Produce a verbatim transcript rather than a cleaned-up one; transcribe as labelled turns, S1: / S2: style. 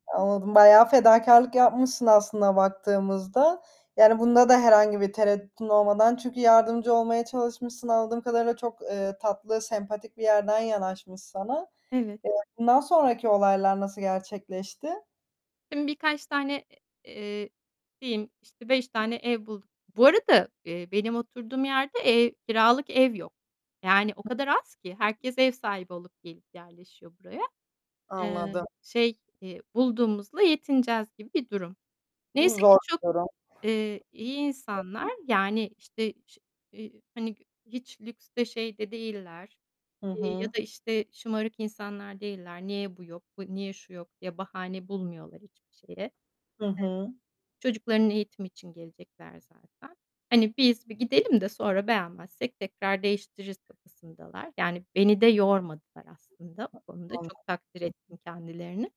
S1: Anladım, bayağı fedakârlık yapmışsın aslına baktığımızda. Yani bunda da herhangi bir tereddütün olmadan çünkü yardımcı olmaya çalışmışsın anladığım kadarıyla çok, eee, tatlı, sempatik bir yerden yanaşmış sana.
S2: Evet.
S1: Eee, bundan sonraki olaylar nasıl gerçekleşti?
S2: Şimdi birkaç tane, e eee, diyeyim, işte, beş tane ev bulduk Bu arada, eee, benim oturduğum yerde, eee, kiralık ev yok. Yani o kadar az ki herkes ev sahibi olup gelip yerleşiyor buraya. Eee,
S1: Anladım.
S2: şey, eee, bulduğumuzla yetineceğiz gibi bir durum.
S1: Bu
S2: Neyse ki
S1: zor
S2: çok,
S1: bir durum.
S2: eee, iyi insanlar. Yani, işte, ş eee, hani, gü hiç lükste şeyde değiller,
S1: Hı
S2: eee, ya
S1: hı.
S2: da, işte, şımarık insanlar değiller. Niye bu yok, bu niye şu yok diye bahane bulmuyorlar hiçbir şeye.
S1: Hı hı.
S2: [unintelligible] Çocukların eğitimi için gelecekler zaten. Hani, biz bir gidelim de sonra beğenmezsek tekrar değiştiririz kafasındalar. Yani beni de yormadılar aslında o konuda. Çok takdir ettim
S1: [unintelligible]
S2: kendilerini.